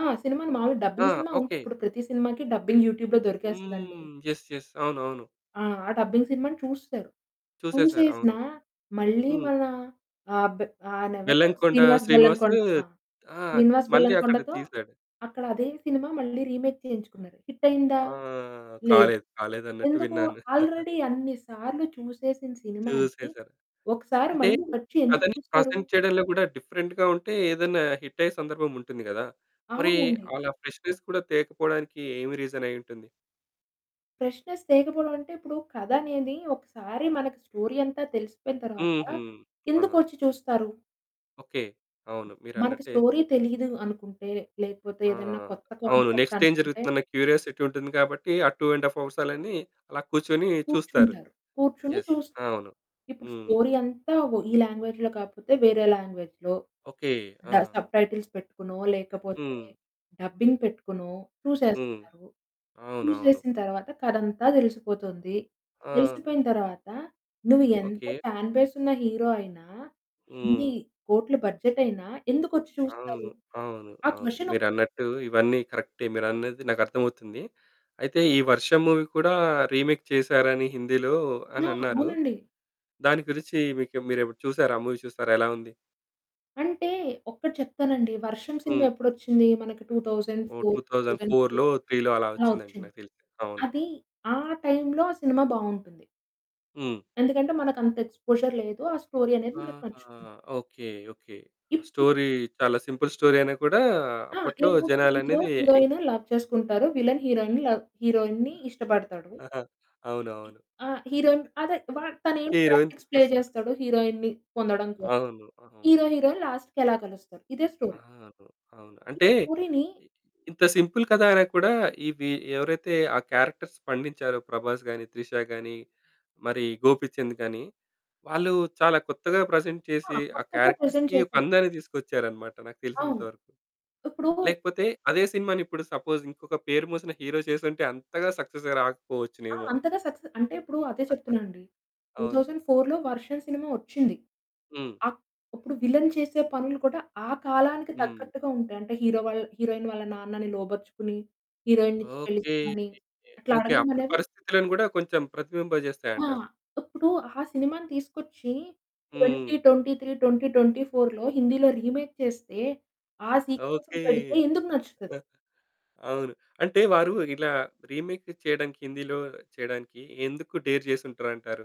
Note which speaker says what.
Speaker 1: ఆ! సినిమాను మాములుగా
Speaker 2: ఆ!
Speaker 1: డబ్బింగ్ సినిమా ఉంటు
Speaker 2: ఓకే.
Speaker 1: ఇప్పుడు ప్రతి సినిమాకి డబ్బింగ్ యూట్యూబ్‌లో దొరికేస్తదండి.
Speaker 2: హ్మ్. యెస్ యెస్ అవునవును.
Speaker 1: ఆ! ఆ డబ్బింగ్ సినిమా‌ని చూసారు.
Speaker 2: చూసేసారు. అవును.
Speaker 1: చూసేసినా మళ్ళీ
Speaker 2: హ్మ్.
Speaker 1: మన ఆ బే అయనేవరు?
Speaker 2: బెల్లంకొండ
Speaker 1: శ్రీనివాస్
Speaker 2: శ్రీనివాసు
Speaker 1: బెల్లంకొండ ఆ!
Speaker 2: ఆ!
Speaker 1: శ్రీనివాస్
Speaker 2: మళ్ళీ అక్కడ
Speaker 1: బెల్లంకొండతో
Speaker 2: తీసాడు.
Speaker 1: అక్కడ అదే సినిమా మళ్ళీ రీమేక్ చేయించుకున్నారు. హిటయిందా?
Speaker 2: ఆ!
Speaker 1: లేదు.
Speaker 2: కాలేదు కాలేదన్నట్టు
Speaker 1: ఎందుకు?
Speaker 2: విన్నాను.
Speaker 1: ఆల్రెడీ అన్ని సార్లు చూసేసిన సినిమాని
Speaker 2: చూసేసారు.
Speaker 1: ఒకసారి
Speaker 2: అంటే
Speaker 1: మళ్ళీ వచ్చి ఎందుకు
Speaker 2: కథని
Speaker 1: చూస్తారు?
Speaker 2: ప్రెజెంట్ చేయడంలో కూడా డిఫరెంట్‌గా ఉంటే ఏదైనా హిట్ అయ్యే సందర్భం ఉంటుంది కదా! మరి
Speaker 1: అవునండి.
Speaker 2: అలా ఫ్రెష్నెస్ కూడా తేకపోవడానికి ఏమి రీజన్ అయ్యూంటుంది?
Speaker 1: ఫ్రెష్నెస్ తేకపోవడం అంటే ఇప్పుడు కథనేది ఒకసారి మనకు స్టోరీ అంతా తెలిసిపోయిన తరువాత
Speaker 2: హుహు. ఆహా!
Speaker 1: ఎందుకొచ్చి చూస్తారు?
Speaker 2: ఓకే. అవును
Speaker 1: మనకి
Speaker 2: మీరన్నట్టే
Speaker 1: స్టోరీ తెలియదు అనుకుంటే, లేకపోతే
Speaker 2: ఆ!
Speaker 1: ఏదైనా కొత్త
Speaker 2: అవును.
Speaker 1: కాన్సెప్ట్
Speaker 2: నెక్స్ట్ ఏం
Speaker 1: అనుకుంటే
Speaker 2: జరుగుతుందన్న క్యూరియాసిటీ ఉంటుంది. కాబట్టి ఆ 2 ½ అవర్స్ అల్లని అలా కూర్చొని చూస్తారు.
Speaker 1: కూర్చుంటారు. కూర్చొని
Speaker 2: యెస్
Speaker 1: చూస్తు
Speaker 2: అవును.
Speaker 1: ఇప్పుడు
Speaker 2: హ్మ్.
Speaker 1: స్టోరీ అంతా వా ఈ లాంగ్వేజ్‌లో కాకపోతే వేరే లాంగ్వేజ్‌లో
Speaker 2: ఓకే.
Speaker 1: డా
Speaker 2: ఆ!
Speaker 1: సబ్టైటిల్స్ పెట్టుకునో, లేకపోతే
Speaker 2: హ్మ్.
Speaker 1: డబ్బింగ్ పెట్టుకునో,
Speaker 2: హ్మ్.
Speaker 1: చూసే‌స్తునారు.
Speaker 2: అవునవును.
Speaker 1: చూసేసిన తరువాత కథంతా తెలిసిపోతుంది.
Speaker 2: ఆ!
Speaker 1: తెలిసిపోయిన తరువాత నువ్వు ఎంత
Speaker 2: ఓకే.
Speaker 1: ఫ్యాన్ బేసున్న హీరో అయిన, ఎన్ని
Speaker 2: హ్మ్.
Speaker 1: కోట్లు బడ్జెటైనా ఎందుకొచ్చి చూస్తారు?
Speaker 2: అవును. అవును.
Speaker 1: ఆ
Speaker 2: అవును.
Speaker 1: క్వెషనొకటి
Speaker 2: మీరన్నట్టు ఇవన్నీ కరెక్టె. మీరన్నది నాకు అర్థమవుతుంది. అయితే ఈ 'వర్షం' మూవీ కూడా రీమేక్ చేసారని హిందీలో అని
Speaker 1: ఆ!
Speaker 2: అనన్నారు.
Speaker 1: అవునండి.
Speaker 2: దాని గురించి మీకేమ మీరేపుడేనా చూసారా? ఆ! మూవీ చూసారా ఎలా ఉంది?
Speaker 1: అంటే ఒక్కటి చెప్తానండి. వర్షం సినిమా
Speaker 2: హ్మ్.
Speaker 1: ఎప్పుడోచ్చింది? మనకి టూ థౌసండ్
Speaker 2: ఓహ్!
Speaker 1: Four
Speaker 2: two
Speaker 1: two
Speaker 2: thousand
Speaker 1: thousand three
Speaker 2: ఫోర్‌లో త్రీ‌లో అలా
Speaker 1: అలా
Speaker 2: వచ్చిందిండి.
Speaker 1: వచ్చింది.
Speaker 2: నాకు తెలిసి అవును.
Speaker 1: అది ఆ టైంలో, ఆ సినిమా బావుంటుంది.
Speaker 2: హ్మ్.
Speaker 1: ఎందుకంటే మనకంత ఎక్స్‌పోజర్ లేదు, ఆ స్టోరీ అనేది మనకు
Speaker 2: ఆహా!
Speaker 1: నచ్చుతుంది.
Speaker 2: Okay okay. ఆ
Speaker 1: ఇపుడు
Speaker 2: స్టోరీ చాలా సింపుల్ స్టోరీ అయినా కూడా
Speaker 1: ఆ!
Speaker 2: అప్పట్లో
Speaker 1: ఏముంటది హీరో
Speaker 2: జనాలనేది ఇం
Speaker 1: హీరోయిన్ లవ్ చేసుకుంటారు. విల్లెన్ హీరోయిన్‌ని లవ్ హీరోయిన్‌ని
Speaker 2: ఆ!
Speaker 1: ఇష్టపడతాడు.
Speaker 2: అవునవును.
Speaker 1: ఆ! హీరోయిన్ ఆదే వా "తనేం
Speaker 2: హీరోయిన్
Speaker 1: పోలిటిక్స్ ప్లే
Speaker 2: తీసుకొస్తారు.
Speaker 1: చేస్తాడు. హీరోయిన్‌ని పొందడం కోసం.
Speaker 2: అవును. అవును.
Speaker 1: హీరో హీరోయిన్ లాస్ట్‌కి ఎలా కలుస్తారు" ఇదే స్టోరీ.
Speaker 2: అవును అవును. అంటే
Speaker 1: పూరిని
Speaker 2: ఇ ఇంత
Speaker 1: ఇప్
Speaker 2: సింపుల్ కథ అయినా కూడా, ఇవి ఎవరైతే ఆ క్యారెక్టర్స్ పండించారో ప్రభాస్ గానీ, త్రిషా గానీ, మరి గోపీచంద్ గానీ వాళ్ళు చాలా కొత్తగా ప్రెజెంట్
Speaker 1: ఆ!
Speaker 2: చేసి, ఆ
Speaker 1: కొత్తగా ప్రెజెంట్
Speaker 2: క్యారెక్టర్స్‌కి ఒక
Speaker 1: చేశారు.
Speaker 2: అందాన్ని తీసుకొచ్చారన్నమాట. నాకు
Speaker 1: అవును.
Speaker 2: తెలిసినంతవరకు.
Speaker 1: ఇప్పుడు
Speaker 2: లేకపోతే అదే సినిమా‌నిప్పుడు సపోజ్ ఇంకొక పేరు మోసిన హీరో చేసుంటే అంతగా సక్సెస్‌గా
Speaker 1: ఆ!
Speaker 2: రాకపోవచ్చునేమో.
Speaker 1: అంతగా సక్సె అంటే ఇప్పుడు అదే చెప్తున్నానండి. టూ
Speaker 2: అవును.
Speaker 1: థౌసండ్ ఫోర్‌లో వర్షం సినిమా వచ్చింది.
Speaker 2: హ్మ్.
Speaker 1: ఆప్ ఇప్పుడు విల్లెన్ చేసే పనులు కూడా ఆ కాలానికి
Speaker 2: హ్మ్.
Speaker 1: తగ్గట్టుగా ఉంటాయి. అంటే హీరో వల్ హీరోయిన్ వాళ్ళ నాన్నని లోబరుచుకొని, హీరోయిన్‌ని ఇచ్చి పెళ్లి
Speaker 2: ఓకే
Speaker 1: చేయమని అట్లా
Speaker 2: ఓకే. అప్పుడు
Speaker 1: అడగడమనేది
Speaker 2: పరిస్థితులను కూడా కొంచెం
Speaker 1: ఆ!
Speaker 2: ప్రతిబింబచేస్తాయంటారు.
Speaker 1: ఇప్పుడు ఆ సినిమా‌ని తీసుకొచ్చి ట్వెంటీ
Speaker 2: హ్మ్.
Speaker 1: ట్వెంటీ త్రీ ట్వెంటీ ట్వెంటీ ఫోర్‌లో హిందీలో రీమేక్ చేస్తే, ఆ
Speaker 2: ఓకే.
Speaker 1: సీక్వెన్స్‌ని పెడితే ఎందుకు నచ్చుతది?
Speaker 2: ఆ! అవును. అంటే వారు ఇలా రీమేక్ చేయడానికి హిందీలో చేయడానికి ఎందుకు డేర్ చేసుం‌టారు అంటారు?